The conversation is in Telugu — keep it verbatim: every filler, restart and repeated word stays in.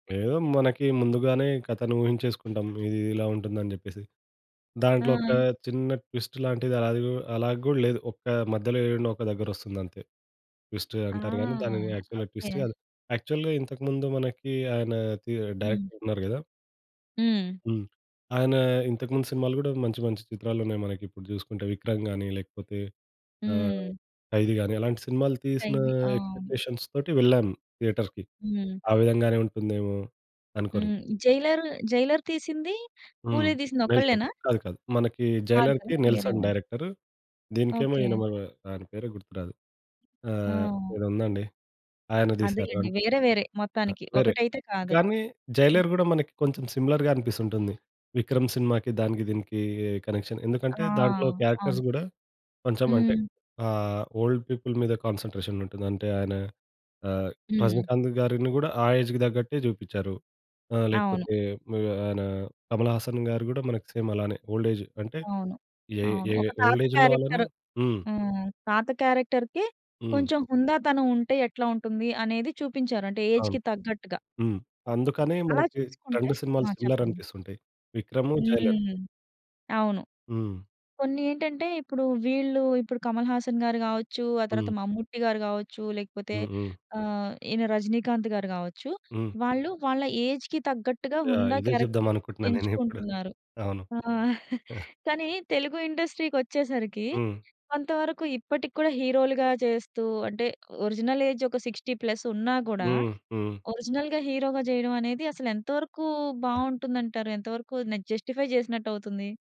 ఏదో మనకి ముందుగానే కథను ఊహించేసుకుంటాం, ఇది ఇలా ఉంటుంది అని చెప్పేసి. దాంట్లో ఒక ఆ! చిన్న ట్విస్ట్ లాంటిది, అది కు అలా కూడా లేదు. ఒక మధ్యలో ఏడనో ఒక దగ్గర వస్తుంది అంతే. ట్విస్ట్ ఆ! అంటారు కానీ, దానిని యాక్చువల్‌గా ట్విస్ట్ ఓకే. కాదు. యాక్చువల్‌గా ఇంతకుముందు మనకి ఆయన టి హ్మ్. డైరెక్టర్ ఉన్నారు కదా! హ్మ్. హ్మ్. ఆయన ఇంతకు ముందు సినిమాలు కూడా మంచి మంచి చిత్రాలున్నాయి. మనకి ఇప్పుడు చూసుకుంటే 'విక్రమ్' గాని, లేకపోతే ఆహ్ హ్మ్. 'ఖైదీ' గాని అలాంటి సినిమాలు తీసిన ఖైది. ఆ! ఎక్స్‌పెక్టేషన్స్ తోటి వెళ్ళాను. థియేటర్‌కి హ్మ్. ఆ విధం గానే ఉంటుందేమో అనుకోని. హ్మ్. జైలర్, జైలర్ తీసింది, హ్మ్. కూలీ తీసింది 'నెల్సన్' ఒక్కళ్ళేనా? కాదు కాదు. మనకి కాదు కదా! జైలర్‌కి 'నెల్సన్' వేరేవాళ్ళు. డైరెక్టరు. దీనికేమో ఓకే. ఈయన ఆయన మన పేరు గుర్తురాదు. ఆహ్, ఆ! ఏదో ఉందండి ఆయన తీశారు. అదేలెండి. ఆన్ వేరే వేరే ఆ మొత్తానికి వేరే ఒకటైతే కాదు. కానీ, హ్మ్. 'జైలర్' కూడా మనకి కొంచెం సిమిలర్‌గా అనిపిస్తుంటుంది. 'విక్రమ్' సినిమాకి, దానికి దీనికి కనెక్షన్. ఎందుకంటే ఆ! దాంట్లో క్యారెక్టర్స్ అవును. కూడా కొంచెం అంటే హ్మ్. ఆహ్, ఓల్డ్ పీపుల్ మీద కాన్సంట్రేషన్ ఉంటుంది. అంటే ఆయన ఆహ్, హ్మ్. రజనీకాంత్ గారిని కూడా ఆ ఏజ్‌కి తగ్గట్టే చూపించారు. ఆ అవును. లేకపోతే ఆయన కమలహాసన్ గారు కూడా మనకి సేమ్ అలానే ఓల్డేజ్ అంటే అవును. అయి, అవును. ఏయ్ ఒక తాత ఓల్డేజ్ ఉన్న వాళ్ళని క్యారెక్టర్. హ్మ్. హ్మ్. తాత క్యారెక్టర్‌కి హ్మ్. కొంచెం హుందాతనం ఉంటే ఎట్లుంటుంది అనేది చూపించారు అంటే అవును. ఏజ్‌కి తగ్గట్టుగా. హ్మ్. అందుకనే అలా మనకి చూసుకుంటే రెండు ఆ! సినిమాలు చెప్పండి. సిమిలరనిపిస్తుంటాయి. విక్రము, జైలర్. హ్మ్. అవును. హ్మ్. కొన్నేంటంటే ఇప్పుడు వీళ్ళు ఇప్పుడు 'కమల్ హాసన్' గారు కావచ్చు, ఆ తర్వాత హ్మ్. 'మమ్ముట్టి' గారు కావచ్చు లేకపోతే హ్మ్. హ్మ్. ఆహ్, ఈయన 'రజినీకాంత్' గారు కావచ్చు. హ్మ్. వాళ్ళు వాళ్ళ ఏజ్‌కి తగ్గట్టుగా యాహ్! హుందా ఇదే క్యారెక్టర్లు చెప్దామనుకుంటున్నాను నేనిప్పుడు. ఎంచుకుంటున్నారు. అవును. ఆ! ఆ! కానీ తెలుగు ఇండస్ట్రీ కొచ్చేసరికి హ్మ్. కొంతవరకు ఇప్పటికి కూడా హీరోలుగా చేస్తూ అంటే ఒరిజినల్ ఏజ్ ఒక సిక్స్టీ ప్లస్ ఉన్నా కూడా హ్మ్. హ్మ్. ఒరిజినల్‌గా హీరోగా చేయడమనేది అసలు ఎంతవరకు బాగుంటుందంటారు? ఎంతవరకు నే జస్టిఫై చేసినట్టు అవుతుంది?